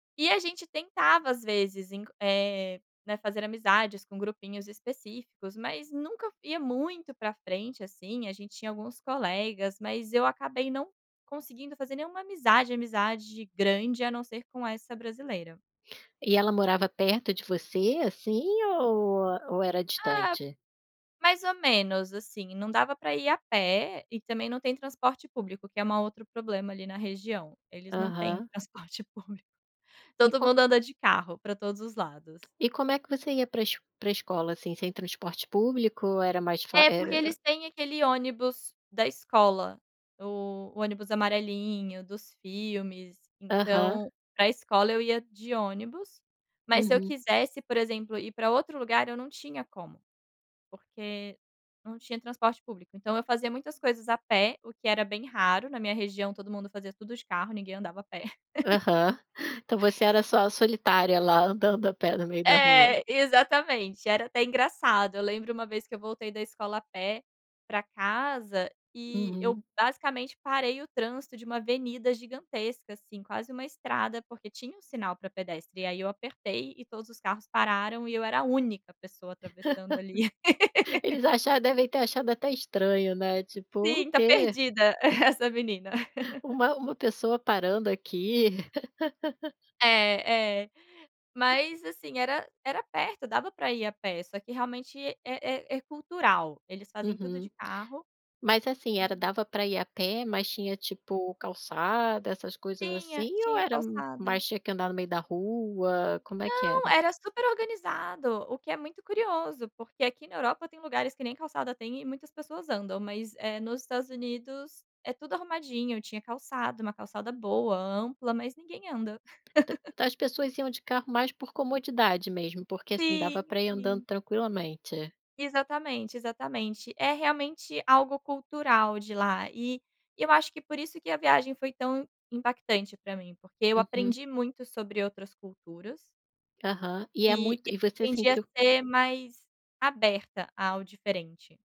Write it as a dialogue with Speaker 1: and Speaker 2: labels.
Speaker 1: E a gente tentava às vezes enc eh, né, fazer amizades com grupinhos específicos, mas nunca ia muito para frente, assim, a gente tinha alguns colegas, mas eu acabei não conseguindo fazer nenhuma amizade, amizade grande a não ser com essa brasileira.
Speaker 2: E ela morava perto de você, assim, ou ou era
Speaker 1: Ah.
Speaker 2: distante?
Speaker 1: Mais ou menos, assim, não dava para ir a pé e também não tem transporte público que é ma um outro problema ali na região, eles não têm
Speaker 2: Aham.
Speaker 1: transporte público.
Speaker 2: E
Speaker 1: Todo
Speaker 2: co...
Speaker 1: mundo anda de carro para todos os lados.
Speaker 2: E como é que você ia para para escola, assim, sem transporte público, era mais fá
Speaker 1: É porque
Speaker 2: era
Speaker 1: eles têm aquele ônibus da escola, o ônibus amarelinho dos filmes,
Speaker 2: Aham.
Speaker 1: então para escola eu ia de ônibus, mas se eu
Speaker 2: Uhum.
Speaker 1: quisesse, por exemplo, ir para outro lugar eu não tinha como. Porque não tinha transporte público, então eu fazia muitas coisas a pé, o que era bem raro na minha região todo mundo fazia tudo de carro, ninguém andava a pé.
Speaker 2: Aham. Então você era só solitária lá andando a pé no meio da rua.
Speaker 1: É, exatamente, era até engraçado, eu lembro uma vez que eu voltei da escola a pé para casa, e eu
Speaker 2: Uhum.
Speaker 1: basicamente parei o trânsito de uma avenida gigantesca, assim, quase uma estrada, porque tinha um sinal para pedestre, e aí eu apertei e todos os carros pararam e eu era a única pessoa atravessando ali.
Speaker 2: Eles acharam devem ter achado até estranho, né, tipo: "O
Speaker 1: Sim, tá
Speaker 2: quê?"
Speaker 1: perdida essa menina.
Speaker 2: Uma uma pessoa parando aqui.
Speaker 1: É é, mas assim era era perto dava para ir a pé, só que realmente é é é cultural, eles fazem tudo
Speaker 2: Uhum.
Speaker 1: de carro,
Speaker 2: Mas assim era
Speaker 1: e
Speaker 2: dava para ir a pé mas tinha tipo calçada, essas coisas
Speaker 1: Tinha,
Speaker 2: assim ou
Speaker 1: tinha
Speaker 2: era
Speaker 1: calçada.
Speaker 2: mais tinha que andar no meio da rua, como é que
Speaker 1: Não,
Speaker 2: era?
Speaker 1: era super organizado, o que é muito curioso, porque aqui na Europa tem lugares que nem calçada tem e muitas pessoas andam, mas eh, nos Estados Unidos é tudo arrumadinho, tinha calçada, uma calçada boa, ampla mas ninguém anda.
Speaker 2: Então as pessoas iam de carro mais por comodidade mesmo, porque, assim, dava
Speaker 1: Sim,
Speaker 2: para ir andando
Speaker 1: sim.
Speaker 2: tranquilamente.
Speaker 1: Exatamente, exatamente, é realmente algo cultural de lá, e eu acho que por isso que a viagem foi tão impactante para mim, porque eu
Speaker 2: Uhum.
Speaker 1: aprendi muito sobre outras culturas.
Speaker 2: Aham, e é
Speaker 1: E
Speaker 2: muito e você
Speaker 1: aprendi a
Speaker 2: sentiu
Speaker 1: ser mais aberta ao diferente.